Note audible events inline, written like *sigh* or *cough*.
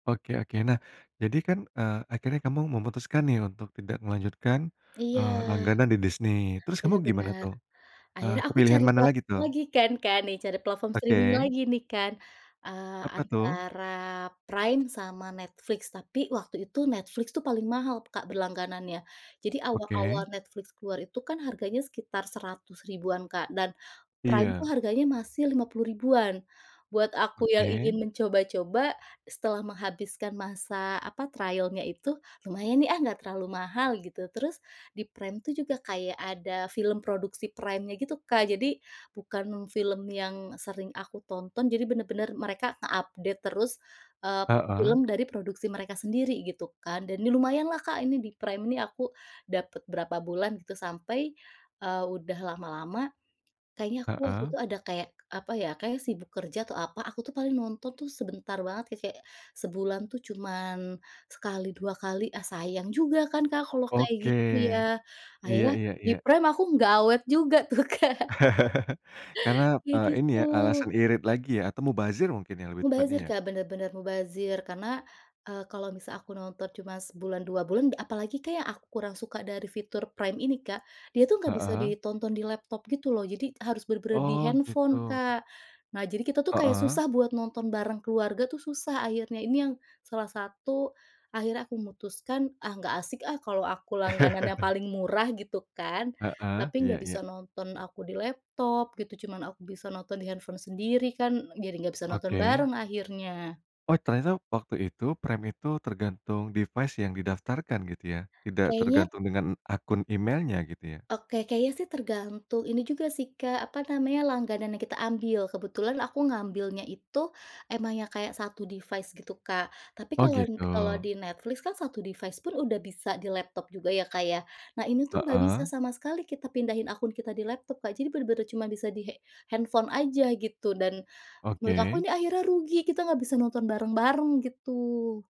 Oke oke. Nah, jadi kan, eee, akhirnya kamu memutuskan nih untuk tidak melanjutkan, Iya. eee, langganan di Disney, terus kamu Benar gimana, benar. tuh? Eee, Akhirnya aku kepilihan cari mana plat lagi, tuh? lagi kan Kak, nih, cari platform streaming Oke. lagi nih kan, eee, Apa, tuh? antara Prime, sama Netflix. Tapi, waktu itu, Netflix tuh paling mahal Kak berlangganannya. Jadi, awal-awal Oke. Netflix keluar itu kan harganya sekitar 100 ribuan Kak, dan Prime tuh Iya. harganya masih 50 ribuan. Buat aku yang Oke. ingin mencoba-coba, setelah menghabiskan masa, apa, trial-nya itu, "Lumayan nih ah, enggak terlalu mahal" Gitu. Terus, di Prime tuh juga kayak ada film produksi Prime-nya gitu, Kak. Jadi, bukan film yang sering aku tonton, jadi bener-bener mereka nge-update terus, eee, Heeh. film dari produksi mereka sendiri, gitu kan. Dan ini lumayanlah Kak, ini di Prime ini aku dapet berapa bulan gitu sampai, eee, udah lama-lama, kayaknya aku waktu Heeh. itu ada kayak, apa ya, kayaknya sibuk kerja, atau apa, aku tuh paling nonton tuh sebentar banget, ka kayak sebulan tuh cuman sekali, dua kali, ah sayang juga kan Kak kalau kayak Oke, gitu, ya? iya Akhirnya, iya di iya. Prime aku nggak awet juga tuh, Kak. *chuckles* Karena, Iya, eee, ini gitu. ya, alasan irit lagi ya, atau mubazir mungkin ya, lebih tepatnya, Mubazir, ya? Kak, bener bener mubazir. Karena, eee, kalau misal aku nonton cuma sebulan, dua bulan apalagi Kak, yang aku kurang suka dari fitur Prime ini Kak, dia tuh nggak bisa Heeh. ditonton di laptop gitu loh. Jadi, harus benar-benar di Oh, handphone, gitu. Kak. Nah, jadi kita tuh kayak Heeh. susah buat nonton bareng keluarga tuh susah akhirnya. Ini yang salah satu akhirnya aku memutuskan, "Ah, nggak asik ah, kalau aku langganan yang *chuckles* paling murah," gitu kan, Heeh, "tapi iya nggak iya. bisa nonton aku di laptop," gitu, "cuman aku bisa nonton di handphone sendiri kan, jadi nggak bisa nonton Oke. bareng akhirnya." Oh, ternyata waktu itu, Prime itu tergantung device yang didaftarkan, gitu, ya? Tidak Kayaknya t tergantung dengan akun emailnya, gitu, ya? Oke, kayaknya sih tergantung ini juga sih Kak, apa namanya, langganan yang kita ambil. Kebetulan aku ngambilnya itu emang yang kayak 1 device, gitu, Kak. Tapi Oh, kalau n kalau gitu. di Netflix kan, 1 device-pun kan udah bisa di laptop juga, ya, Kak, ya? Nah, ini tuh nggak bisa Heeh. sama sekali kita pindahin akun kita di laptop, Kak. Jadi bener-bener cuma bisa di he handphone aja, gitu. Dan, menurut aku Oke. nih akhirnya rugi, kita nggak bisa nonton bareng-bareng, gitu.